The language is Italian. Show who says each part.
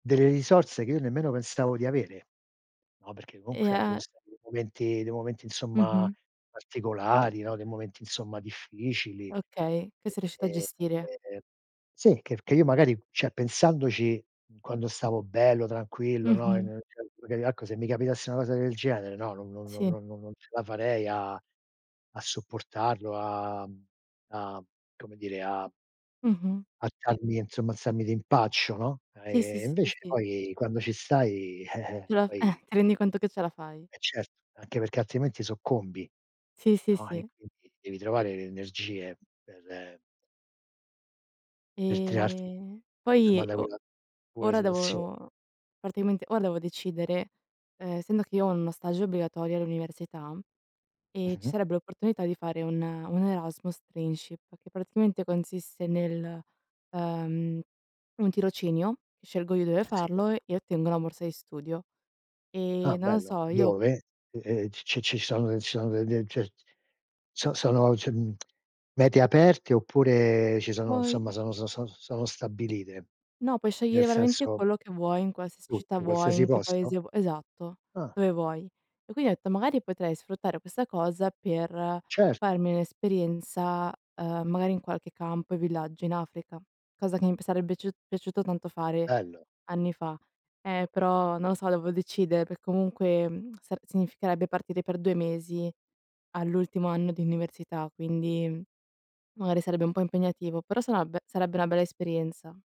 Speaker 1: Delle risorse che io nemmeno pensavo di avere. No, perché
Speaker 2: E
Speaker 1: comunque, cioè ci sono
Speaker 2: ehm
Speaker 1: stati dei momenti dei momenti, insomma,
Speaker 2: Mh-mh.
Speaker 1: particolari, no, dei momenti, insomma, difficili.
Speaker 2: Okay, che sei riuscito a
Speaker 1: Ehm,
Speaker 2: gestire.
Speaker 1: ehm sì, che che io magari, cioè, pensandoci, quando stavo bello, tranquillo, no?
Speaker 2: Mh-mh.
Speaker 1: [unintelligible] Magari ecco, se mi capitasse una cosa del genere, no? No no no
Speaker 2: Sì.
Speaker 1: no no no non ce la farei a a sopportarlo, a a come dire a
Speaker 2: Mh-mh.
Speaker 1: alzarmi, insomma, alzarmi d'impaccio, no?
Speaker 2: Sì, sì,
Speaker 1: Ehm,
Speaker 2: s sì
Speaker 1: invece
Speaker 2: sì.
Speaker 1: poi, quando ci stai,
Speaker 2: Ti ra eh,
Speaker 1: poi
Speaker 2: ti rendi conto che ce la fai.
Speaker 1: Eh, certo, anche perché altrimenti soccombi,
Speaker 2: Sì, sì,
Speaker 1: no e
Speaker 2: sì.
Speaker 1: quindi devi trovare le energie per per tirarti,
Speaker 2: Ehm, poi
Speaker 1: somma, da
Speaker 2: o
Speaker 1: quella quella
Speaker 2: ora
Speaker 1: situazio
Speaker 2: devo praticamente, ora devo decidere, ehm, essendo che io ho uno stage obbligatorio all'università e ci
Speaker 1: Mh-mh.
Speaker 2: sarebbe l'opportunità di fare un un Erasmus Trainship, che praticamente consiste nel, uhm, un tirocinio, scelgo io dove
Speaker 1: Sì.
Speaker 2: farlo e ottengo la morsa di studio. E,
Speaker 1: Ah,
Speaker 2: non lo
Speaker 1: bello,
Speaker 2: so, io
Speaker 1: dove? Ehm, ci ci ci sono de ci sono de de cioè, so sono cioè, mhmm, mete aperte oppure ci sono, insomma,
Speaker 2: Voi
Speaker 1: sono s son sono stabilite?
Speaker 2: No, puoi
Speaker 1: Nel
Speaker 2: scegliere veramente
Speaker 1: senso
Speaker 2: quello che vuoi, in qualsiasi città
Speaker 1: Tutto,
Speaker 2: vuoi,
Speaker 1: qualsiasi
Speaker 2: in che
Speaker 1: posto?
Speaker 2: paese vu esatto,
Speaker 1: Ah.
Speaker 2: dove vuoi. E quindi ho detto: "Magari potrei sfruttare questa cosa per
Speaker 1: Certo.
Speaker 2: farmi un'esperienza, uhm, magari, in qualche campo e villaggio in Africa", cosa che imb sarebbe biaciu piaciuto tanto fare
Speaker 1: Bello.
Speaker 2: anni fa. Eh, però non lo so, devo decidere, perché comunque mhmm sar significherebbe partire per 2 mesi all'ultimo anno di università, quindi, mhmm, magari sarebbe un po' impegnativo, però sarà ve sarebbe una bella esperienza.